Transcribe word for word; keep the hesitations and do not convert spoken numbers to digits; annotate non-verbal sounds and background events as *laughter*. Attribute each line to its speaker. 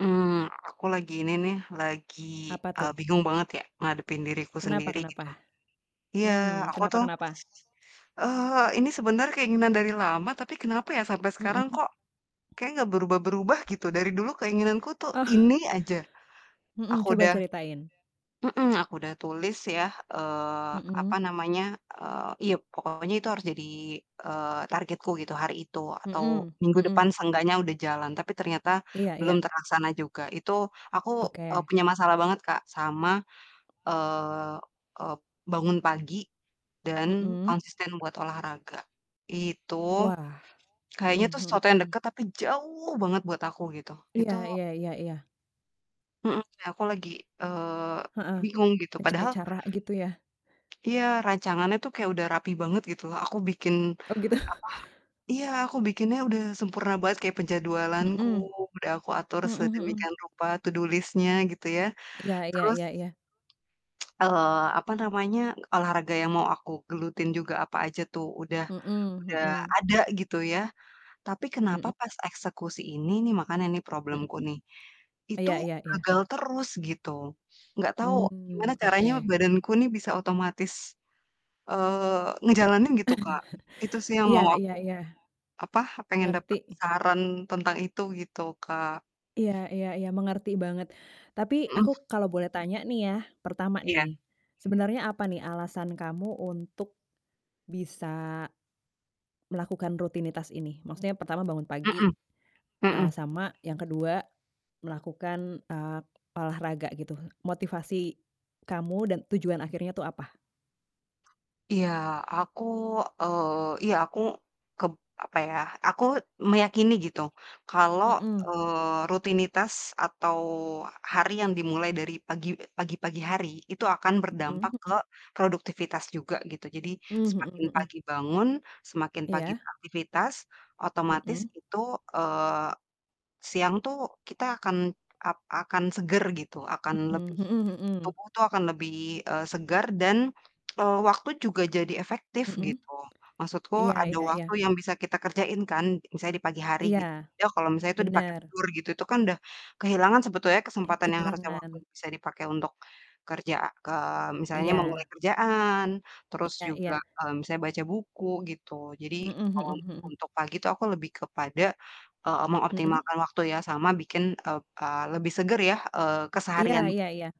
Speaker 1: Mmm, aku lagi ini nih, lagi,
Speaker 2: Apa
Speaker 1: eee,
Speaker 2: tuh?
Speaker 1: bingung banget ya ngadepin diriku
Speaker 2: Kenapa
Speaker 1: sendiri
Speaker 2: kenapa?
Speaker 1: gitu. Iya,
Speaker 2: Mmm,
Speaker 1: aku
Speaker 2: kenapa
Speaker 1: tuh,
Speaker 2: kenapa?
Speaker 1: eee, ini sebenarnya keinginan dari lama, tapi kenapa ya sampai sekarang
Speaker 2: Mhm.
Speaker 1: kok kayaknya gak berubah-berubah, gitu? Dari dulu keinginanku tuh ini
Speaker 2: *chuckles*
Speaker 1: aja.
Speaker 2: Mhm,
Speaker 1: Aku
Speaker 2: coba
Speaker 1: udah
Speaker 2: ceritain.
Speaker 1: mhm, aku udah tulis ya eee, apa
Speaker 2: Mhm.
Speaker 1: namanya, eee, iya pokoknya itu harus jadi, eee, targetku gitu, hari itu, atau
Speaker 2: Mhm
Speaker 1: minggu depan
Speaker 2: mhm.
Speaker 1: seenggaknya udah jalan, tapi ternyata
Speaker 2: Iya
Speaker 1: belum
Speaker 2: iya.
Speaker 1: terlaksana juga. Itu aku, eee,
Speaker 2: Oke.
Speaker 1: punya masalah banget, Kak, sama, eee eee, bangun pagi dan
Speaker 2: Mhm.
Speaker 1: konsisten buat olahraga. Itu
Speaker 2: Wah,
Speaker 1: kayaknya tuh
Speaker 2: mhm
Speaker 1: sesuatu yang
Speaker 2: mhm.
Speaker 1: dekat tapi jauh banget buat aku gitu,
Speaker 2: Iya
Speaker 1: itu
Speaker 2: iya iya iya.
Speaker 1: Mhm, ya, aku lagi, eee,
Speaker 2: Heeh,
Speaker 1: bingung gitu,
Speaker 2: mencari
Speaker 1: padahal
Speaker 2: cara gitu ya?
Speaker 1: Iya, rancangannya tuh kayak udah rapi banget gitu loh. Aku bikin
Speaker 2: Oh, gitu. *chuckles*
Speaker 1: apa, iya, aku bikinnya udah sempurna banget kayak penjadwalanku,
Speaker 2: Mhm.
Speaker 1: udah aku atur
Speaker 2: Mhm mhm.
Speaker 1: sedemikian rupa, to do list-nya, gitu ya.
Speaker 2: Iya iya
Speaker 1: Terus,
Speaker 2: iya iya.
Speaker 1: *tsk* eee, apa namanya, olahraga yang mau aku gelutin juga apa aja tuh udah
Speaker 2: Mhm
Speaker 1: udah
Speaker 2: mhm.
Speaker 1: ada gitu ya. Tapi kenapa
Speaker 2: Mhm.
Speaker 1: pas eksekusi ini nih makanya ini
Speaker 2: Mhm.
Speaker 1: problemku nih, itu
Speaker 2: Iya iya iya.
Speaker 1: gagal terus gitu? Nggak tahu gimana
Speaker 2: Hmm,
Speaker 1: caranya
Speaker 2: oke.
Speaker 1: badanku nih bisa otomatis, eee, ngejalanin gitu, Kak. Itu sih
Speaker 2: *chuckles*
Speaker 1: yang
Speaker 2: Iya
Speaker 1: mau
Speaker 2: iya
Speaker 1: aku
Speaker 2: iya.
Speaker 1: apa, pengen
Speaker 2: Ngerti.
Speaker 1: dapat saran tentang itu gitu, Kak.
Speaker 2: Iya iya iya, mengerti banget. Tapi
Speaker 1: Mhm.
Speaker 2: aku kalau boleh tanya nih ya, pertama
Speaker 1: Iya.
Speaker 2: nih, sebenarnya apa nih alasan kamu untuk bisa melakukan rutinitas ini? Maksudnya pertama bangun pagi,
Speaker 1: Mhm,
Speaker 2: eee,
Speaker 1: mhm.
Speaker 2: sama yang kedua, melakukan, eee, olahraga gitu. Motivasi kamu dan tujuan akhirnya itu apa?
Speaker 1: Iya, aku eee, iya, aku kep apa ya, aku meyakini gitu, kalau,
Speaker 2: Mhm.
Speaker 1: eee, rutinitas, atau hari yang dimulai dari pagi pagi-pagi hari, itu akan
Speaker 2: Mhm
Speaker 1: berdampak ke
Speaker 2: mhm.
Speaker 1: produktivitas juga gitu. Jadi
Speaker 2: Mmm,
Speaker 1: semakin
Speaker 2: mhm mhm.
Speaker 1: pagi bangun, semakin pagi
Speaker 2: Iya.
Speaker 1: beraktivitas, otomatis
Speaker 2: Mhm.
Speaker 1: itu, eee, siang tuh kita akan ap akan seger gitu, akan
Speaker 2: Mhm,
Speaker 1: lebih
Speaker 2: mhm mhm.
Speaker 1: tubuh tuh akan lebih, eee, segar, dan, *tsk* eee, waktu juga jadi efektif
Speaker 2: Mhm.
Speaker 1: gitu. Maksudku
Speaker 2: Iya
Speaker 1: ada
Speaker 2: iya
Speaker 1: waktu
Speaker 2: iya.
Speaker 1: yang bisa kita kerjain kan, misalnya di pagi hari gitu.
Speaker 2: Iya.
Speaker 1: Ya kalau misalnya itu dipakai
Speaker 2: Bener.
Speaker 1: tidur gitu, itu kan udah kehilangan sebetulnya
Speaker 2: Eh,
Speaker 1: kesempatan yang harusnya waktu
Speaker 2: kehilangan.
Speaker 1: bisa dipakai untuk kerja ke misalnya memulai
Speaker 2: Iya.
Speaker 1: kerjaan, terus
Speaker 2: Iya iya.
Speaker 1: juga, eee, misalnya baca buku gitu. Jadi
Speaker 2: Mhm
Speaker 1: kalau
Speaker 2: mhm
Speaker 1: un
Speaker 2: mhm.
Speaker 1: untuk pagi itu aku lebih kepada, eee,
Speaker 2: Mhm.
Speaker 1: mengoptimalkan waktu ya sama bikin ep eee, lebih seger ya, eee,
Speaker 2: Iya
Speaker 1: keseharian
Speaker 2: iya iya.